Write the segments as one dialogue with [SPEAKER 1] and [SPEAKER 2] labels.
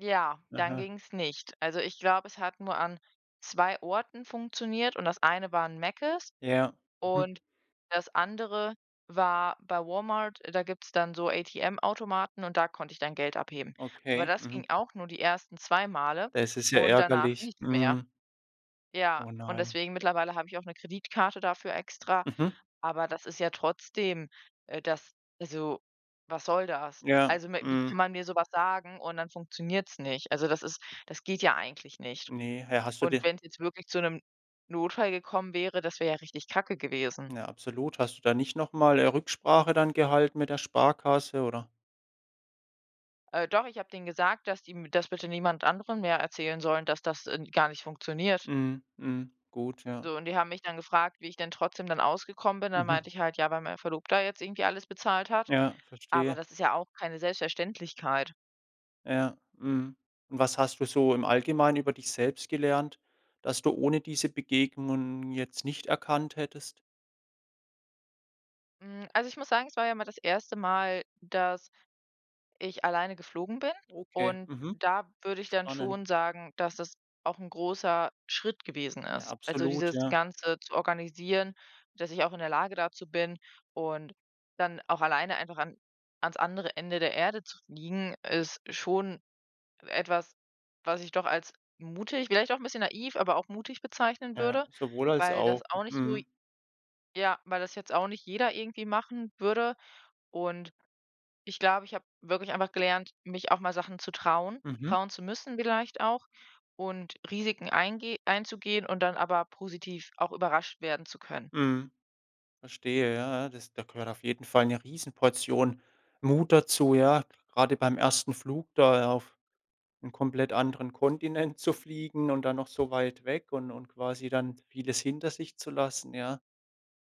[SPEAKER 1] Ja, dann
[SPEAKER 2] Aha.
[SPEAKER 1] ging's nicht. Also, ich glaube, es hat nur an 2 Orten funktioniert und das eine war 'n Mecces
[SPEAKER 2] Ja, mhm.
[SPEAKER 1] und das andere war bei Walmart, da gibt's dann so ATM-Automaten und da konnte ich dann Geld abheben. Aber
[SPEAKER 2] Okay,
[SPEAKER 1] das ging
[SPEAKER 2] mhm.
[SPEAKER 1] auch nur die 1. 2 Male
[SPEAKER 2] Das ist ja
[SPEAKER 1] und danach
[SPEAKER 2] ärgerlich,
[SPEAKER 1] nichts mehr.
[SPEAKER 2] mhm.
[SPEAKER 1] Ja,
[SPEAKER 2] Oh
[SPEAKER 1] und
[SPEAKER 2] nein.
[SPEAKER 1] deswegen mittlerweile habe ich auch 'ne Kreditkarte dafür extra,
[SPEAKER 2] Mhm.
[SPEAKER 1] aber das ist ja trotzdem äh, das also, was soll das?
[SPEAKER 2] Ja,
[SPEAKER 1] Also, m wie kann
[SPEAKER 2] mhm.
[SPEAKER 1] man mir so was sagen und dann funktioniert's nicht? Also, das ist das geht ja eigentlich nicht.
[SPEAKER 2] Ne, äh, hast du
[SPEAKER 1] Und
[SPEAKER 2] dir
[SPEAKER 1] wenn's jetzt wirklich zu 'nem Notfall gekommen wäre, das wäre ja richtig Kacke gewesen.
[SPEAKER 2] Ja, absolut. Hast du da nicht noch mal, äh, Rücksprache dann gehalten mit der Sparkasse, oder?
[SPEAKER 1] Äh, doch, ich habe denen gesagt, dass die m das bitte niemand anderem mehr erzählen sollen, dass das, ähm, gar nicht funktioniert.
[SPEAKER 2] Mhm, mhm, gut, ja.
[SPEAKER 1] So, und die haben mich dann gefragt, wie ich denn trotzdem dann ausgekommen bin. Dann
[SPEAKER 2] Mhm.
[SPEAKER 1] meinte ich halt: „Ja, weil meine Verlobter jetzt irgendwie alles bezahlt hat“,
[SPEAKER 2] Ja,
[SPEAKER 1] aber
[SPEAKER 2] verstehe.
[SPEAKER 1] das ist ja auch keine Selbstverständlichkeit.
[SPEAKER 2] Ja, mhm. Was hast du so im Allgemeinen über dich selbst gelernt, dass du ohne diese Begegnungen jetzt nicht erkannt hättest?
[SPEAKER 1] Mm, also, ich muss sagen, es war ja mal das 1. Mal, dass ich alleine geflogen bin
[SPEAKER 2] Okay,
[SPEAKER 1] und
[SPEAKER 2] mhm,
[SPEAKER 1] da würde ich dann
[SPEAKER 2] spannend.
[SPEAKER 1] schon sagen, dass das auch großer 'n Schritt gewesen
[SPEAKER 2] Ja,
[SPEAKER 1] ist. Also,
[SPEAKER 2] absolut,
[SPEAKER 1] dieses
[SPEAKER 2] ja.
[SPEAKER 1] Ganze zu organisieren, dass ich auch in der Lage dazu bin und dann auch alleine einfach an an's andere Ende der Erde zu fliegen, ist schon etwas, was ich doch als mutig vielleicht auch 'n bisschen naiv, aber auch mutig bezeichnen
[SPEAKER 2] Ja,
[SPEAKER 1] würde,
[SPEAKER 2] sowohl als
[SPEAKER 1] weil das
[SPEAKER 2] auch,
[SPEAKER 1] auch nicht so
[SPEAKER 2] mhm.
[SPEAKER 1] ja, weil das jetzt auch nicht jeder irgendwie machen würde. Und ich glaube, ich habe wirklich einfach gelernt, mich auch mal Sachen zu trauen,
[SPEAKER 2] Mhm.
[SPEAKER 1] trauen zu müssen vielleicht auch und Risiken eingeh einzugehen und dann aber positiv auch überrascht werden zu können.
[SPEAKER 2] Mhm. Verstehe, ja, das da gehört auf jeden Fall 'ne Riesenportion Mut dazu, ja? Grade beim 1. Flug da auf 'n komplett anderen Kontinent zu fliegen und dann noch so weit weg und und quasi dann vieles hinter sich zu lassen, ja.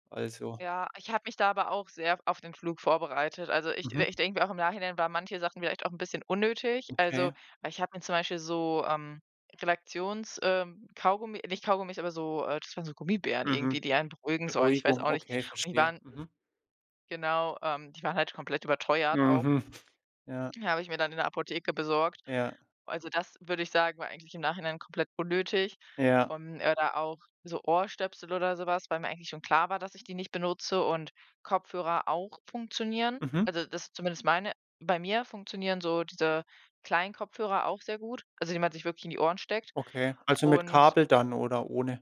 [SPEAKER 2] Also
[SPEAKER 1] Ja, ich habe mich da aber auch sehr auf den Flug vorbereitet. Also, ich
[SPEAKER 2] Mhm.
[SPEAKER 1] ich denke mir auch im Nachhinein waren manche Sachen vielleicht auch 'n bisschen unnötig, also
[SPEAKER 2] Okay.
[SPEAKER 1] weil ich habe mir zum Beispiel so, ähm, Relaxions ähm, Kaugummi nicht Kaugummis, aber so, äh das waren so Gummibären
[SPEAKER 2] Mhm.
[SPEAKER 1] irgendwie, die einen beruhigen sollen, ich weiß
[SPEAKER 2] Beruhigung,
[SPEAKER 1] auch nicht.
[SPEAKER 2] okay,
[SPEAKER 1] Und die
[SPEAKER 2] verstehe,
[SPEAKER 1] waren
[SPEAKER 2] mhm.
[SPEAKER 1] genau, ähm, die waren halt komplett überteuert auch.
[SPEAKER 2] Mhm, ja.
[SPEAKER 1] Die habe ich mir dann in der Apotheke besorgt.
[SPEAKER 2] Ja.
[SPEAKER 1] Also, das, würde ich sagen, war eigentlich im Nachhinein komplett unnötig.
[SPEAKER 2] Ja.
[SPEAKER 1] Ähm, oder auch so Ohrstöpsel oder sowas, weil mir eigentlich schon klar war, dass ich die nicht benutze und Kopfhörer auch funktionieren,
[SPEAKER 2] Mhm.
[SPEAKER 1] also, das zumindest meine. Bei mir funktionieren so diese kleinen Kopfhörer auch sehr gut, also, die man sich wirklich in die Ohren steckt.
[SPEAKER 2] Okay, also mit
[SPEAKER 1] Und
[SPEAKER 2] Kabel dann oder ohne?